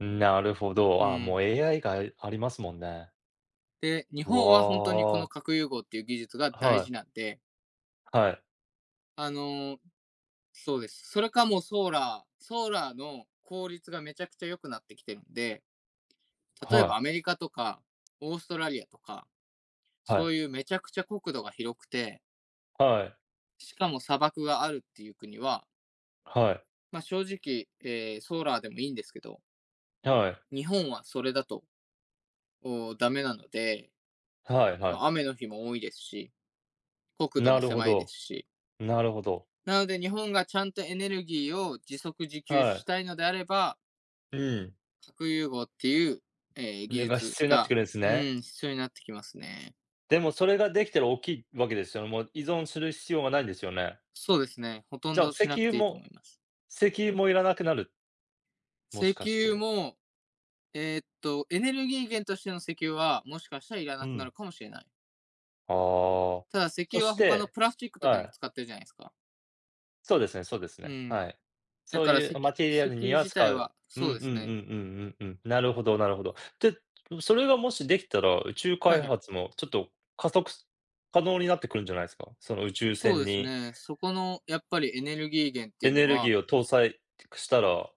うん。なるほうど。ああ、ーもうん。AI が、いありますもんね。で、日う本はほんとにこわのあ。核融合っていう技術が大はい。事なんではい。あの、そうです。それかもう、ソーラー。ソーラーの効率がめちゃくちゃ良くなってきてんで、例えはば、い。アメリカとかオーストラリアとか、はそい。ういうめちゃくちゃ国土が広くてはい。しかも砂漠があるっていう国ははい。ま、正直、ええ、ソーラーでもいいんですけどはい。日本はそれだと、おお、ダメなので、はいはい。ま、雨の日も多いですし、国土なもるほ狭いですど、し。なるほど。なので、日本がちゃんとエネルギーを自足自給はしい。たいのであればうん。核融合っていう、ええ、技れが術必要になってくが、るんすうね。ん。必要になってきますね。でも、それができたら大きいわけですよ。もう依存する必要がないんですよね？そうですね、ほとじんゃあ、ど石しなく油ていいと思もいます。石油もいらなくなる？もし石かし油て。も、ええっと、エネルギー源としての石油は、もしかしたらいらうなくなん。るかもしれない。ああ。ただ、石そ油しは他のてプラスチックとかにはもい。使ってるじゃないすか。そうですねそうですうね、ん。はい。だそうからいせうマきテリア石ルに油は自使体う、はうんうんそううでんうすね。んうんうん。なるほどなるほど。で、それがもしできたら、宇宙はい開はい。発もちょっと加速す可能になってくるんじゃないすか？その宇宙そう船ですにね。そこのやっぱりエネルギー源ってエいうネのルギはーを搭載てくしたら